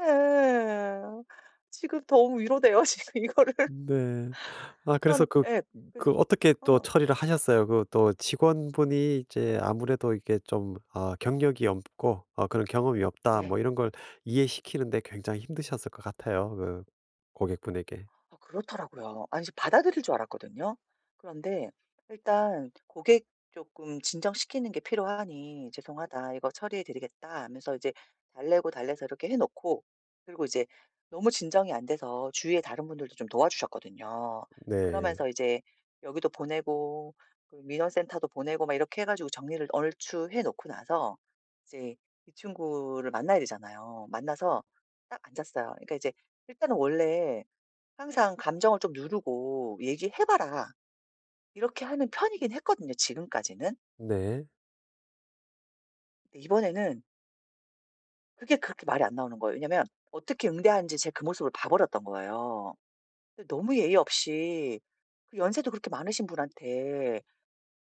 예. 지금 너무 위로돼요. 지금 이거를. 네. 아 그래서 그런 그 예. 그래서 그 어떻게 또 어. 처리를 하셨어요? 그 또 직원분이 이제 아무래도 이게 좀 어 경력이 없고 어 그런 경험이 없다 뭐 네. 이런 걸 이해시키는 데 굉장히 힘드셨을 것 같아요, 그 고객분에게. 아 그렇더라고요. 아니 이제 받아들일 줄 알았거든요. 그런데 일단 고객 쪼끔 진정시키는 게 필요하니 "죄송하다 이거 처리해 드리겠다." 하면서 이제 달래고 달래서 이렇게 해 놓고 그리고 이제 너무 진정이 안 돼서 주위에 다른 분들도 좀 도와주셨거든요. 네. 그러면서 이제 여기도 보내고 그 민원센터도 보내고 막 이렇게 해 가지고 정리를 얼추해 놓고 나서 이제 이 친구를 만나야 되잖아요. 만나서 딱 앉았어요. 그러니까 이제 일단은 원래 항상 "감정을 좀 누르고 얘기해 봐라." 이렇게 하는 편이긴 했거든요, 지금까지는. 네. 근데 이번에는 그게 그렇게 말이 안 나오는 거예요. 왜냐면 어떻게 응대하는지 제가 그 모습을 봐버렸던 거예요. 근데 너무 예의 없이 그 연세도 그렇게 많으신 분한테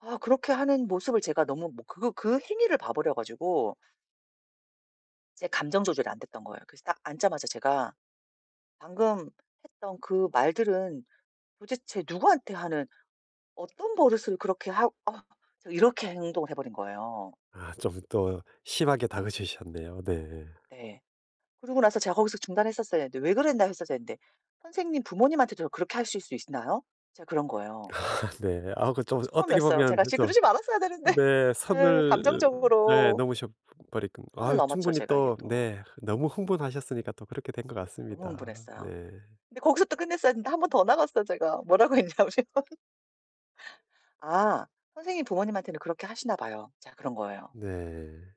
아 그렇게 하는 모습을 제가 너무 뭐 그거 그 행위를 봐버려 가지고 제 감정 조절이 안 됐던 거예요. 그래서 딱 앉자마자 제가 "방금 했던 그 말들은 도대체 누구한테 하는 어떤 버릇을 그렇게 하 어" 제가 이렇게 행동을 해 버린 거예요. 아 좀 또 심하게 다그치셨네요. 네. 네. 그러고 나서 제가 거기서 중단했었어야 되는데 "왜 그랬나요." 했었어야 했는데 "선생님 부모님한테도 그렇게 하실 수 있나요?" 제가 그런 거예요. 아 네. 아 그 좀 어떻게 처음이었어요. 보면 제가 씨 좀 그러지 말았어야 되는데. 네 예. 선을 네. 감정적으로 넘으셔 버릴 선을 아 넘었죠, 충분히 제가 이제 또 또. 네 너무 흥분하셨으니까 또 그렇게 된 것 너무 같습니다. 흥분했어요. 네. 근데 거기서 또 끝냈어야 되는데 1 번 더 나갔어요, 제가. 뭐라고 했냐면 "아 선생님이 부모님한테는 그렇게 하시나 봐요." 제가 그런 거예요. 네.